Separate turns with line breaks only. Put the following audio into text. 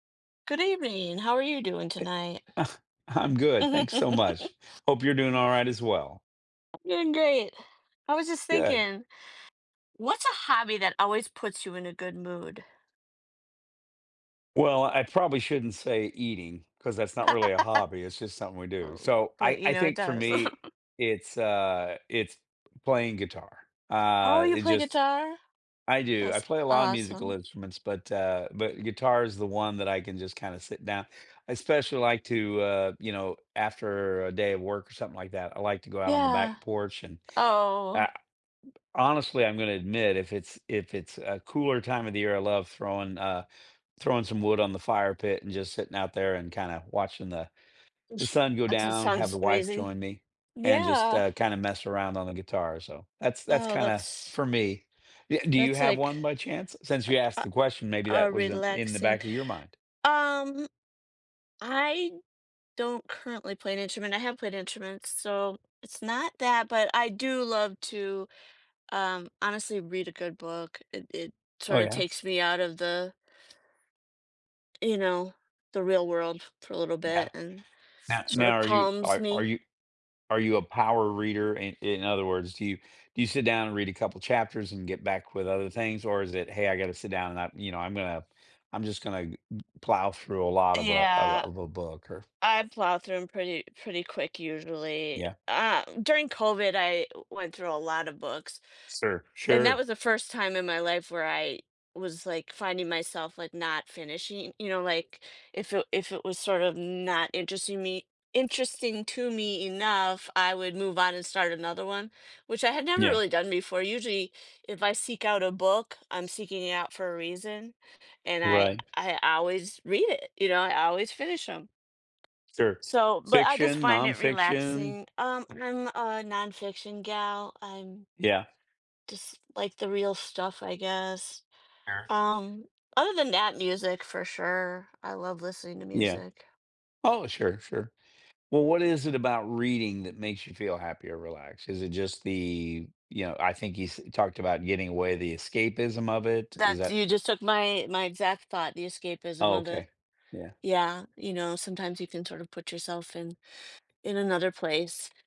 Good evening, how are you doing
E
tonight?
I'm good, thanks so much. Hope you're doing alright as well.
Doing great. I was just
Good.
thinking, what's a hobby that always puts you in a good mood?
Well, I probably shouldn't say eating, 'cause that's not really a hobby, it's just something we do,
Ooh,
so, I
but, you
I
know, it
think for
does.
me, it's, uh it's playing guitar.
Oh,
Uh,
you
it
play
just
guitar?
I do, I
That's
play a lot of musical
awesome.
instruments, but, uh but guitar is the one that I can just kinda sit down I especially, like to, uh, you know, after a day of work or something like that, I like to go out on the
Yeah.
back porch, and I
Oh.
honestly, I'm gonna admit, if it's if it's a cooler time of the year, I love throwing uh, throwing some wood on the fire pit, and just sitting out there, and kinda watching the the
Oof,
sun go
that sou
down, have
sounds
the wife
amazing.
join me, and just,
Yeah.
uh, kinda mess around on the guitar, so, that's that's
Oh,
kinda
that's
for me. Ye do you
that's
have
like
one, by chance? Since, you
a
asked
a
the question, maybe
a
that
a
was in in the
relaxing
back of your mind.
um I don't currently play an instrument, I have played instruments, so it's not that, but I do love to, um, honestly, read a good book. It it,
Oh,
sort of,
yeah?
takes me out of the you know? The real world for a little bit
Yeah.
and,
No
sort
now
of,
are you
calms
are are
me.
you are you a power reader? I in other words, do you do you sit down and read a couple chapters and get back with other things? Or is it, "Hey, I gotta sit down and I" you know, "I'm gonna I'm just gonna g g plow through a lot of a of a
Yeah.
of a book," or
I plow through 'em pretty pretty quick, usually.
Yeah.
Ah, during COVID, I w went through a lotta books,
Sir
and that
sure.
was the first time in my life where I was, like, finding myself, like, not finishing you know, like, if it if it was, sort of, not interesting me interesting to me enough, I would move on and start another one, which I had never
Yeah.
really done before. Usually, if I seek out a book, I'm seeking it out for a reason and I
Right.
I always read it, you know? I always finish 'em.
Sure.
So but, I just
Fiction,
find it
nonfiction?
relaxing um, I'm a nonfiction gal, I'm
Yeah.
just like the real stuff, I guess.
Sure.
Um, other than that, music, for sure. I love listening to
Yeah.
music.
Oh, sure, sure. Well, what is it about reading that makes you feel happy or relaxed? Is it just the you know, I think you s talked about getting away, the escapism of it, is
That's
that
You just took my my exact thought, the
Oh,
escapism of it.
okay. Yeah.
Yeah, you know, sometimes you can sort of put yourself in in another place.